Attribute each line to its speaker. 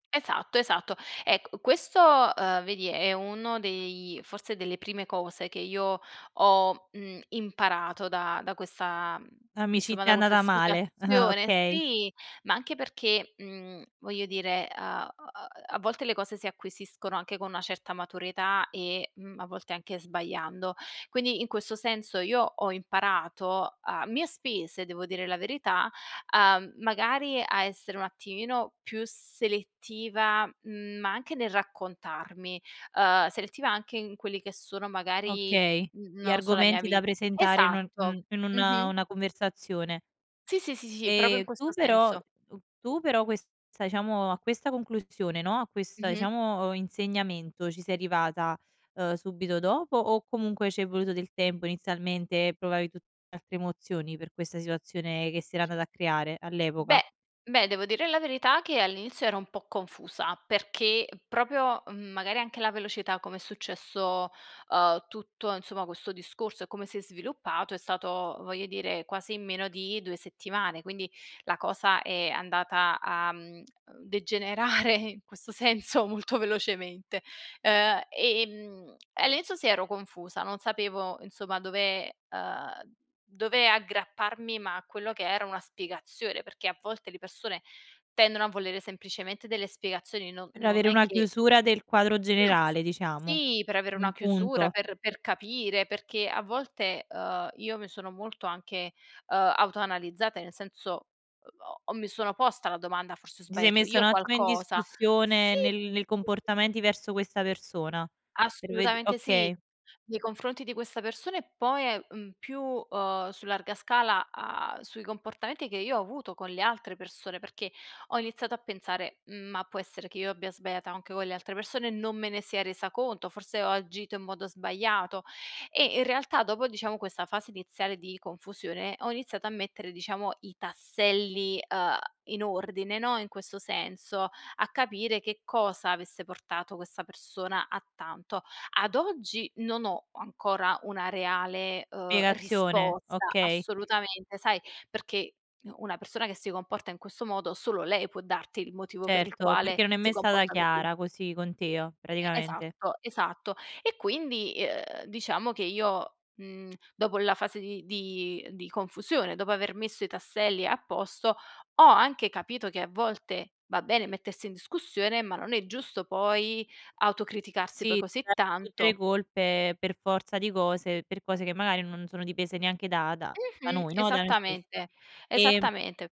Speaker 1: Esatto, esatto. Ecco questo, uhm, vedi è uno dei forse delle prime cose che io ho, mhmm, imparato da da questa mhmm, insomma
Speaker 2: L'amicizia
Speaker 1: da
Speaker 2: è
Speaker 1: questa
Speaker 2: andata male,
Speaker 1: situazione,
Speaker 2: okay.
Speaker 1: sì, ma anche perché, mhmm, voglio dire, a a a a volte le cose si acquisiscono anche con una certa maturità e, mhmm, a volte anche sbagliando. Quindi, in questo senso io ho imparato a mie spese, devo dire la verità, uhm, magari a essere un attimino più selettiva, ma anche nel raccontarmi. Uhm, selettiva anche in quelli che sono magari
Speaker 2: Okay.
Speaker 1: n
Speaker 2: Gli
Speaker 1: non lo so, la mia
Speaker 2: argomenti da
Speaker 1: vita
Speaker 2: presentare in u mhmm,
Speaker 1: esatto,
Speaker 2: in una
Speaker 1: mh-mh.
Speaker 2: una conversazione.
Speaker 1: Sì, sì, sì, sì, proprio in
Speaker 2: Ehm,
Speaker 1: questo
Speaker 2: tu però
Speaker 1: senso.
Speaker 2: tu tu però questa diciamo, a questa conclusione, no, a questa
Speaker 1: Mh-mh.
Speaker 2: diciamo insegnamento, ci sei arrivata, uhm, subito dopo o comunque c'è voluto del tempo inizialmente, e provavi tu altre emozioni per questa situazione che si era andata a creare, all'epoca?
Speaker 1: Beh, beh devo dire la verità, che all'inizio ero un po' confusa, perché proprio mhmm, magari anche la velocità come è successo, uhm, tutto insomma questo discorso e come si è sviluppato, è stato, voglio dire, quasi in meno di 2 settimane; quindi la cosa è andata a, mhmm, ehm degenerare in questo senso molto velocemente. Uhm, e, ehm e all'inizio sì ero confusa, non sapevo insomma dove uhm, dove aggrapparmi ma a quello che era una spiegazione, perché a volte le persone tendono a volere semplicemente delle spiegazioni, no
Speaker 2: Per
Speaker 1: non
Speaker 2: avere
Speaker 1: è
Speaker 2: una
Speaker 1: che
Speaker 2: chiusura del quadro
Speaker 1: Ma
Speaker 2: generale, diciamo.
Speaker 1: sì, per avere una
Speaker 2: Un
Speaker 1: chiusura,
Speaker 2: punto.
Speaker 1: per per capire perché a volte, uhm, io mi sono molto anche, uhm, autoanalizzata, nel senso ho ho ho mi sono posta la domanda: "Forse ho
Speaker 2: Ti sei
Speaker 1: sbagliato
Speaker 2: messa un
Speaker 1: io
Speaker 2: attimo in
Speaker 1: qualcosa." Sì,
Speaker 2: discussione, nel nei
Speaker 1: sì ,si, sì.
Speaker 2: comportamenti verso questa persona. Per ved
Speaker 1: Assolutamente sì.
Speaker 2: okay.
Speaker 1: Nei confronti di questa persona e poi, ehm, uhm, più, uhm, su larga scala, uhm, sui comportamenti che io ho avuto con le altre persone, perché ho iniziato a pensare: "Ma, può essere che io abbia sbagliato anche con le altre persone, non me ne sia resa conto. Forse ho agito in modo sbagliato." E in realtà, dopo diciamo questa fase iniziale di confusione, ho iniziato a mettere, diciamo, i tasselli, uhm, in ordine, no, in questo senso, a capire che cosa avesse portato questa persona a tanto. Ad oggi non ho ancora una reale, uhm,
Speaker 2: Spiegazione,
Speaker 1: risposta
Speaker 2: okay.
Speaker 1: assolutamente, sai, perché u una persona che si comporta in questo modo solo lei può darti il motivo per il
Speaker 2: Certo,
Speaker 1: quale
Speaker 2: perché non è
Speaker 1: si
Speaker 2: mai stata
Speaker 1: comporta così.
Speaker 2: chiara, così con te,
Speaker 1: E
Speaker 2: praticamente.
Speaker 1: esatto, esatto. E quindi, uhm, diciamo che io, mhmm, dopo la fase di di di confusione, dopo aver messo i tasselli a posto, ho anche capito che a volte va bene mettersi in discussione, ma non è giusto poi autocriticarsi poi
Speaker 2: Sì,
Speaker 1: così
Speaker 2: tra tutte le
Speaker 1: tanto.
Speaker 2: colpe per forza di cose, per cose che magari non sono dipese neanche da da da
Speaker 1: Mh-mh,
Speaker 2: noi, no, da noi stessi.
Speaker 1: esattamente,
Speaker 2: Ehm
Speaker 1: esattamente.